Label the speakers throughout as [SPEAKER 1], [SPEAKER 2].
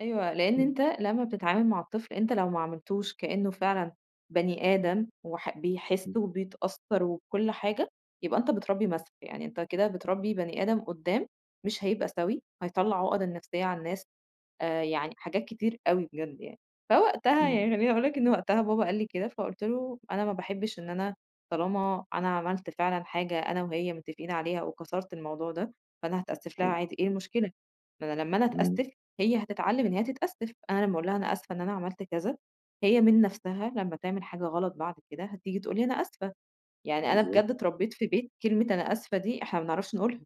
[SPEAKER 1] أيوه. لإن أنت
[SPEAKER 2] [unintelligible]
[SPEAKER 1] لمّا بتتعامل مع الطفل أنت لو ما عاملتوش كإنّه فعلًا بني آدم وح بيحِس
[SPEAKER 2] إمم.
[SPEAKER 1] وبيتأثّر وكل حاجة، يبقى أنت بتربّي مَسْخ، يعني أنت كده بتربّي بني آدم قُدّام، مش هيبقى سَوِي، هيطلّع عُقَده النفسيّة على الناس، آآ يعني حاجات كتير أوي بجد يعني. فوقتها يعني
[SPEAKER 2] إمم.
[SPEAKER 1] خلّيني أقول لك إن وقتها بابا قال لي كده فقُلت له: "أنا ما باحبش إن أنا، طالما أنا عملت فعلًا حاجة أنا وهي متّفقين عليها وكسرت الموضوع ده، فأنا هتأسِّف لها
[SPEAKER 2] أيوه.
[SPEAKER 1] عادي إيه المشكلة؟ ما أنا لمّا أنا
[SPEAKER 2] إمم.
[SPEAKER 1] أتأسّف، هي هتتعلمّ إن هي تتأسّف، أنا لمّا أقول لها أنا أسفة إن أنا عملت كذا، هي من نفسها لمّا تعمل حاجة غلط بعد كده هتيجي تقول لي أنا آسفة." يعني أنا
[SPEAKER 2] بالضبط.
[SPEAKER 1] بجد اتربّيت في بيت كلمة أنا آسفة دي إحنا ما بنعرفش نقولها،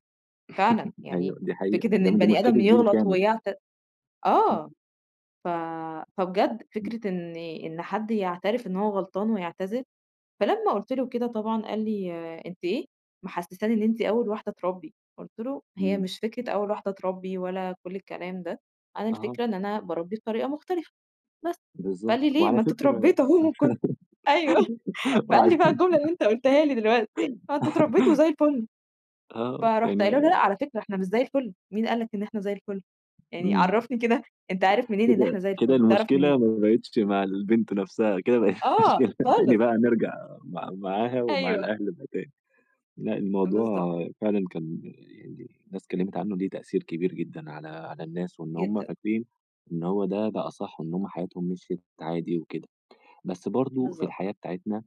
[SPEAKER 1] فعلًا يعني
[SPEAKER 2] أيوه، دي حقيقة.
[SPEAKER 1] فكرة إن
[SPEAKER 2] ده أنتم
[SPEAKER 1] البني آدم
[SPEAKER 2] مشكلة جيل
[SPEAKER 1] يغلط
[SPEAKER 2] كامل.
[SPEAKER 1] ويعت
[SPEAKER 2] إمم.
[SPEAKER 1] آه. ف فبجد
[SPEAKER 2] إمم.
[SPEAKER 1] فكرة إن إن حد يعترف إن هو غلطان ويعتذر، فلما قُلت له كده طبعًا قال لي أنتِ إيه، محسّساني إن أنتِ أول واحدة تربّي، قُلت له: "هي
[SPEAKER 2] إمم.
[SPEAKER 1] مش فكرة أول واحدة تربّي ولا كل الكلام ده، أنا
[SPEAKER 2] أها.
[SPEAKER 1] الفكرة إن أنا باربّي بطريقة مختلفة، بس." فقال
[SPEAKER 2] بالضبط.
[SPEAKER 1] لي: "ليه؟
[SPEAKER 2] وعلى
[SPEAKER 1] ما أنتم
[SPEAKER 2] فكرة
[SPEAKER 1] اتربّيتوا أهو وكنت" أيوه. فقال
[SPEAKER 2] وعلى
[SPEAKER 1] لي
[SPEAKER 2] ف
[SPEAKER 1] بقى الجملة اللي أنت قٌلتها لي دلوقتي، ما أنتم اتربّيتوا وزي الفل،
[SPEAKER 2] آه.
[SPEAKER 1] فرُحت
[SPEAKER 2] يعني ما
[SPEAKER 1] قايلة له: "لأ على فكرة إحنا مش زي الفًل، مين قال لك إن إحنا زي الفُل يعني
[SPEAKER 2] إمم.
[SPEAKER 1] عرّفني كده، أنت عارف منين إن
[SPEAKER 2] كده
[SPEAKER 1] إحنا زي
[SPEAKER 2] كده
[SPEAKER 1] الفُل تعرف
[SPEAKER 2] المشكلة
[SPEAKER 1] منين؟"
[SPEAKER 2] ما باقتش مع البنت نفسها، كده بقت
[SPEAKER 1] آه
[SPEAKER 2] [unintelligible] تاني
[SPEAKER 1] خالص.
[SPEAKER 2] بقى نرجع مع معاها ومع
[SPEAKER 1] أيوه.
[SPEAKER 2] الأهل [unintelligible] لأ
[SPEAKER 1] بالضبط.
[SPEAKER 2] الموضوع فعلًا كان يعني الناس اتكلّمت عنّه ليه تأثير كبير جدًا على على الناس وإن هم
[SPEAKER 1] جدًا.
[SPEAKER 2] فاكرين، إن هو ده ده أصَح إن هم حياتهم مِشْيت عادي وكده. بس برضه في
[SPEAKER 1] بالضبط.
[SPEAKER 2] الحياة بتاعتنا،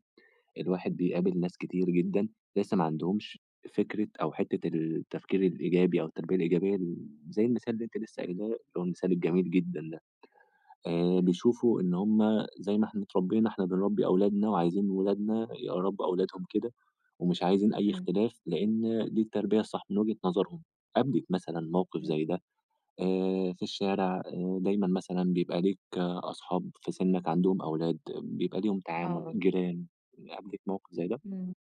[SPEAKER 2] الواحد
[SPEAKER 1] إمم.
[SPEAKER 2] بيقابل ناس كتير جدًا، لسّه ما عندهمش فكرة أو حتّة التفكير الإيجابي أو التربية الإيجابية م زي المثال اللي أنتِ لسّه
[SPEAKER 1] [unintelligible]
[SPEAKER 2] قايلاه، اللي هو المثال الجميل جدًا ده. آآ
[SPEAKER 1] إمم.
[SPEAKER 2] بيشوفوا إن هم زي ما إحنا اتربّينا إحنا بنربّي أولادنا وعايزين ولادنا يربّوا أولادهم كده، ومش عايزين أي
[SPEAKER 1] إمم.
[SPEAKER 2] اختلاف لإن دي التربية الصح من وجهة نظرهم. قابلِك مثلًا موقف
[SPEAKER 1] إمم.
[SPEAKER 2] زي ده؟ آآ في الشارع دايمًا مثلًا بيبقى ليك أصحاب في سِنّك عندهم أولاد بيبقى ليهم تعامل،
[SPEAKER 1] آه.
[SPEAKER 2] جيران، قابلِك موقف زي ده؟
[SPEAKER 1] إمم.